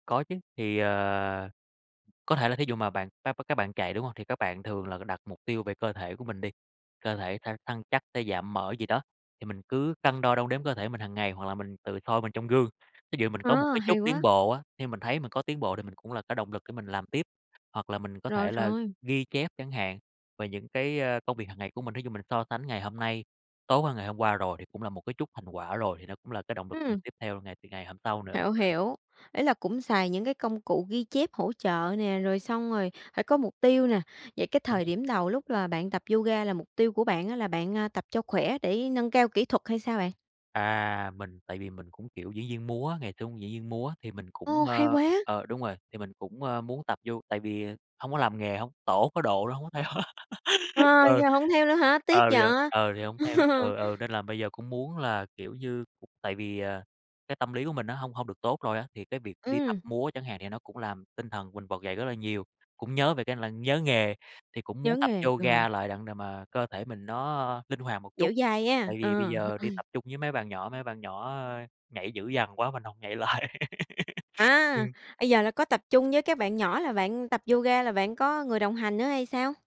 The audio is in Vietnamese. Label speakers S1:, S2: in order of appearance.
S1: Có chứ. Thì, ờ, có thể là thí dụ mà bạn [unintelligible] các bạn chạy, đúng hông? Thì các bạn thường là đặt mục tiêu về cơ thể của mình đi, cơ thể thăng săn chắc hay giảm mỡ gì đó, thì mình cứ cân đo đong đếm cơ thể mình hằng ngày, hoặc là mình tự soi mình trong gương, thí dụ mình có một
S2: À,
S1: cái chút
S2: hay
S1: tiến
S2: quá.
S1: bộ á, khi mình thấy mình có tiến bộ thì mình cũng là cái động lực để mình làm tiếp. Hoặc là mình có
S2: Rồi,
S1: thể là
S2: rồi.
S1: ghi chép chẳng hạn, về những cái, ờ, công việc hằng ngày của mình, thí dụ mình so sánh ngày hôm nay, tối qua, ngày hôm qua rồi, thì cũng là một cái chút thành quả rồi thì nó cũng là cái động lực mình
S2: Ừm.
S1: tiếp theo ngày từ ngày hôm sau nữa
S2: Hiểu,
S1: [unintelligible]
S2: hiểu, ý là cũng xài những cái công cụ ghi chép hỗ trợ nè, rồi xong rồi phải có mục tiêu nè. Vậy cái
S1: Đúng
S2: thời
S1: rồi.
S2: điểm đầu lúc là bạn tập yoga là mục tiêu của bạn á là bạn, a, tập cho khỏe để nâng cao kỹ thuật hay sao bạn?
S1: À, mình tại vì mình cũng, kiểu, diễn viên múa á, ngày xưa cũng diễn viên múa, thì mình cũng,
S2: Ồ, hay
S1: ơ
S2: quá!
S1: ờ, đúng rồi. Thì mình cũng, ờ, muốn tập yo tại vì hông có làm nghề hông tổ có độ nên hông có theo á
S2: Ờ,
S1: Ừ,
S2: giờ hổng theo nữa hả? Tiếc
S1: ờ, bây giờ,
S2: vậy.
S1: ờ, thì hông theo. Ừ, ừ, nên là bây giờ cũng muốn là, kiểu như, cũng tại vì, à, cái tâm lý của mình nó hông hông được tốt rồi á. Thì cái việc đi tập
S2: Ừm.
S1: múa chẳng hạn thì nó cũng làm tinh thần mình vực dậy rất là nhiều, cũng nhớ về cái là nhớ nghề, thì cũng muốn
S2: Nhớ
S1: tập
S2: nghề, rồi.
S1: yoga lại, đặng để mà cơ thể mình nó linh hoạt một
S2: Dẻo
S1: chút,
S2: dai nghe.
S1: tại
S2: Ờ,
S1: vì bây
S2: h
S1: giờ đi
S2: ừm.
S1: tập chung với mấy bạn nhỏ, mấy bạn nhỏ, ơ, nhảy dữ dằn quá mình hổng nhảy lại.
S2: À,
S1: Ừm.
S2: bây giờ là có tập chung với các bạn nhỏ là bạn tập yoga là bạn có người đồng hành nữa hay sao?